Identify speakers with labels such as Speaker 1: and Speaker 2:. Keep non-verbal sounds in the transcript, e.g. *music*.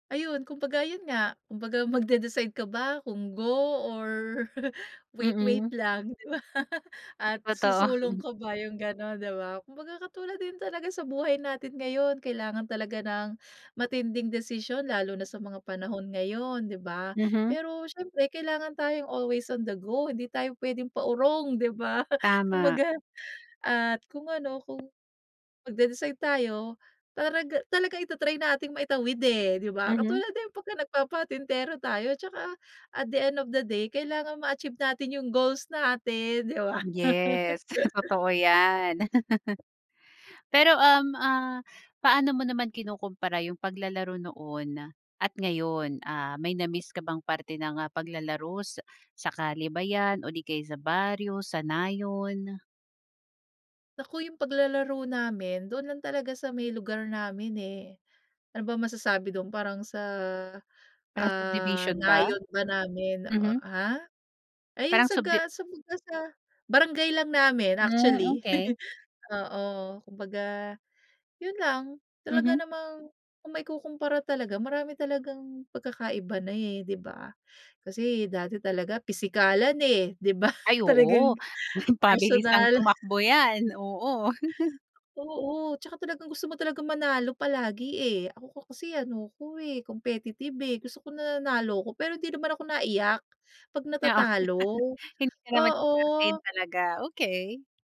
Speaker 1: Ayun, kumbaga 'yon nga, kumbaga magde-decide ka ba kung go or *chuckles* wait wait
Speaker 2: Mm.
Speaker 1: lang di ba? *chuckles* At
Speaker 2: Totoo.
Speaker 1: susulong
Speaker 2: *snorts*
Speaker 1: ka ba 'yong gano'n, di ba. Kumbaga katulad din talaga sa buhay natin ngayon kailangan talaga ng matinding desisyon lalo na sa mga panahon ngayon, di ba?
Speaker 2: Mhm.
Speaker 1: Pero siyempre kailangan tayong always on the go, hindi tayo puwedeng paurong, di ba? *snorts*
Speaker 2: Tama.
Speaker 1: Kumbaga at kung ano kung, magde-decide tayo taraga talagang ita-try nating maitawid eh, di ba?
Speaker 2: Mhm.
Speaker 1: Katulad din pagka nagpapatintero tayo tsaka at the end of the day kailangan ma-achieve natin 'yung goals natin di ba?
Speaker 2: Yes,
Speaker 1: *laughs*
Speaker 2: totoo 'yan. *chuckles* Pero um, ah, paano mo naman kinukumpara 'yong paglalaro noon at ngayon? Ah, may na-miss ka bang parte ng ah, paglalaro sa sa kalye ba 'yan o di kaya sa baryo, sa nayon?
Speaker 1: Naku, 'yong paglalaro namin doon lang talaga sa may lugar namin, eh. Ano ba masasabi do'n parang sa
Speaker 2: Parang
Speaker 1: ah,
Speaker 2: subdivision ba?
Speaker 1: nayon ba namin, oh
Speaker 2: Mhm.
Speaker 1: ha? Ayun,
Speaker 2: Parang
Speaker 1: sa
Speaker 2: subdi
Speaker 1: ga sa 'baga sa barangay lang namin
Speaker 2: Hmm,
Speaker 1: actually,
Speaker 2: okey.
Speaker 1: *chuckles* oo. Kumbaga 'yon lang, talaga
Speaker 2: Mhm.
Speaker 1: namang kung maikukumpara talaga marami talagang pagkakaiba na, eh, di ba? Kasi dati talaga pisikalan eh, di ba,
Speaker 2: Ay,
Speaker 1: *scoffs*
Speaker 2: oo.
Speaker 1: talagang
Speaker 2: *scoffs* Pabilisang
Speaker 1: personalan.
Speaker 2: tumakbo
Speaker 1: *snorts*
Speaker 2: 'yan, oo. *chuckles*
Speaker 1: Oo, tsaka talagang gusto mo talagang manalo palagi, eh. Ako 'ko kasi ano 'ko eh, competitive, eh. Gusto ko nananalo ako pero di naman ako naiyak, 'pag natatalo,
Speaker 2: *laughs* Hindi ka naman iyakin
Speaker 1: oo.
Speaker 2: talaga, okey.